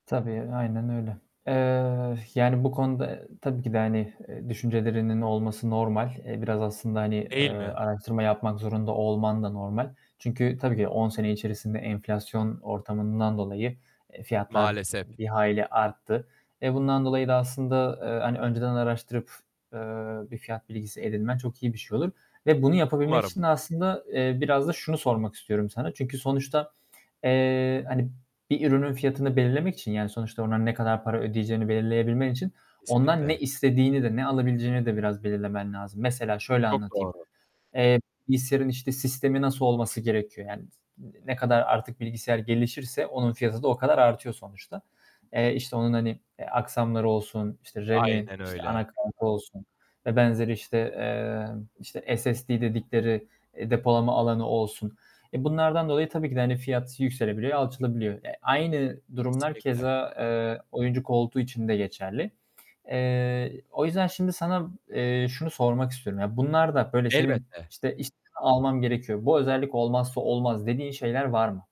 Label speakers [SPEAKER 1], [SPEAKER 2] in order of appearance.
[SPEAKER 1] Tabii, aynen öyle. Eee, yani, bu konuda e, tabii ki de, hani e, düşüncelerinin olması normal. Eee, biraz aslında, hani, eee,
[SPEAKER 2] Değil mi?
[SPEAKER 1] araştırma yapmak zorunda olman da normal. Çünkü tabii ki 10 sene içerisinde enflasyon ortamından dolayı, eee, fiyatlar,
[SPEAKER 2] Maalesef.
[SPEAKER 1] hani, bir hayli arttı. Eee, bundan dolayı da aslında, eee, hani, önceden araştırıp, eee, bir fiyat bilgisi edinmen çok iyi bir şey olur. Ve bunu yapabilmek için
[SPEAKER 2] Umarım.
[SPEAKER 1] de aslında, eee, biraz da şunu sormak istiyorum sana. Çünkü sonuçta, eee, hani, bir ürünün fiyatını belirlemek için yani sonuçta onların ne kadar para ödeyeceğini belirleyebilmen için; ondan ne
[SPEAKER 2] Kesinlikle.
[SPEAKER 1] istediğini de, ne alabileceğini de biraz belirlemen lazım. Mesela şöyle
[SPEAKER 2] Çok
[SPEAKER 1] anlatayım:
[SPEAKER 2] doğru.
[SPEAKER 1] Eee, bilgisayarın, işte, sistemi nasıl olması gerekiyor? Yani, s ne kadar artık bilgisayar gelişirse onun fiyatı da o kadar artıyor sonuçta. Eee, işte onun, hani e, aksamları olsun, işte RAM'i,
[SPEAKER 2] Aynen
[SPEAKER 1] işte
[SPEAKER 2] öyle.
[SPEAKER 1] ana kartı olsun vb. işte, eee, işte SSD dedikleri e, depolama alanı olsun; eee, bunlardan dolayı tabii ki de hani fiyat yükselebiliyor, alçalabiliyor. E, aynı durumlar
[SPEAKER 2] Kesinlikle.
[SPEAKER 1] keza, eee, oyuncu koltuğu için de geçerli. Eee, o yüzden şimdi sana, eee, şunu sormak istiyorum: Ya, bunlarda böyle senin,
[SPEAKER 2] Elbette.
[SPEAKER 1] "İşte, iş almam gerekiyor, bu özellik olmazsa olmaz." dediğin şeyler var mı?